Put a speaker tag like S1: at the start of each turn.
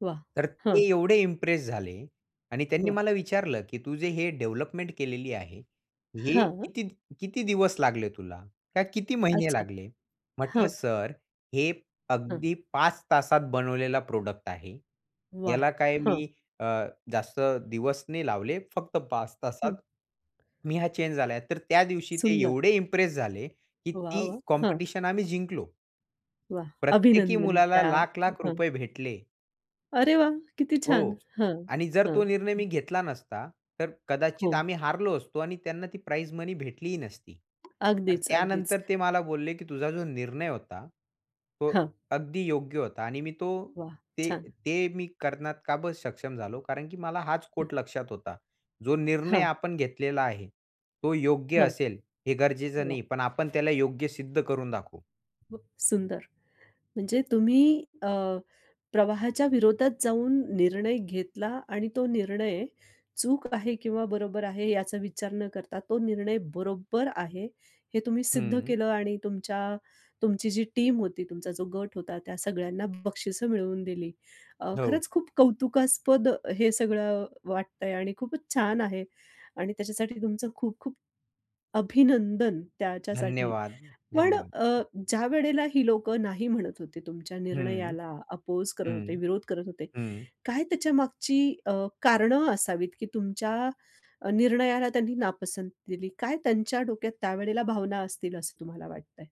S1: वाह!
S2: तर
S1: हं.
S2: ते एवढे इम्प्रेस झाले आणि त्यांनी
S1: वाह!
S2: मला विचारलं की तू जे हे डेव्हलपमेंट केलेली आहे. हे
S1: हां.
S2: किती किती दिवस लागले तुला? काय किती महिने
S1: अच्छा.
S2: लागले? म्हंटलं
S1: हां.
S2: सर हे
S1: हं.
S2: अगदी 5 तासात बनवलेला प्रॉडक्ट आहे.
S1: वाह!
S2: याला काय
S1: हं.
S2: मी अ, जास्त दिवस नाही लावले फक्त 5
S1: हं.
S2: तासात मी हा चेंज झालाय, तर त्या दिवशी ते
S1: सुंदर.
S2: एवढे इम्प्रेस झाले की
S1: वाह
S2: ती
S1: वाह! हं.
S2: कॉम्पिटिशन आम्ही जिंकलो.
S1: वाह!
S2: प्रत्येकी
S1: अभिनंदन
S2: मुलाला
S1: त्या. हं
S2: लाख-लाख
S1: हं.
S2: रुपये भेटले.
S1: अरे वाह! किती
S2: हो
S1: छान. हं,
S2: आणि जर तो निर्णय
S1: हं.
S2: मी घेतला नसता तर कदाचित
S1: हो.
S2: आम्ही हारलो असतो आणि त्यांना ती प्राइज मनी भेटलीही नसती.
S1: अगदीच, अगदीच.
S2: त्यानंतर ते मला बोलले की तुझा जो निर्णय होता तो
S1: हं.
S2: अगदी योग्य होता. आणि मी तो,
S1: वाह!
S2: ते
S1: छान.
S2: ते मी करण्यास का बर सक्षम झालो कारण की मला हाच
S1: हं.
S2: कोट लक्षात होता. जो निर्णय
S1: हां.
S2: आपण घेतलेला आहे तो योग्य
S1: हं.
S2: असेल हे गरजेचं
S1: वा!
S2: नाही, पण आपण त्याला योग्य सिद्ध करून दाखवू.
S1: खूप सुंदर म्हणजे तुम्ही अ, प्रवाहाच्या विरोधात जाऊन निर्णय घेतला आणि तो निर्णय चूक आहे किंवा बरोबर आहे याचा विचार न करता तो निर्णय बरोबर आहे, हे तुम्ही सिद्ध
S2: हं.
S1: केलं आणि तुमच्या, तुमची जी टीम होती, तुमचा जो गट होता त्या सगळ्यांना बक्षिसं मिळवून दिली. अ,
S2: हो.
S1: खरंच खूप कौतुकास्पद हे सगळं वाटतंय आणि खूपच छान आहे आणि त्याच्यासाठी तुमचं खूप-खूप अभिनंदन त्याच्यासाठी.
S2: धन्यवाद,
S1: पण
S2: धन्यवाद.
S1: अ, ज्यावेळेला ही लोकं नाही म्हणत होते, तुमच्या
S2: हं,
S1: निर्णयाला अपोज करत होते,
S2: हं,
S1: विरोध करत होते.
S2: हं.
S1: काय त्याच्यामागची अ, कारणं असावीत की तुमच्या निर्णयाला त्यांनी नापसंत दिली, काय त्यांच्या डोक्यात त्यावेळेला भावना असतील असं तुम्हाला वाटतंय?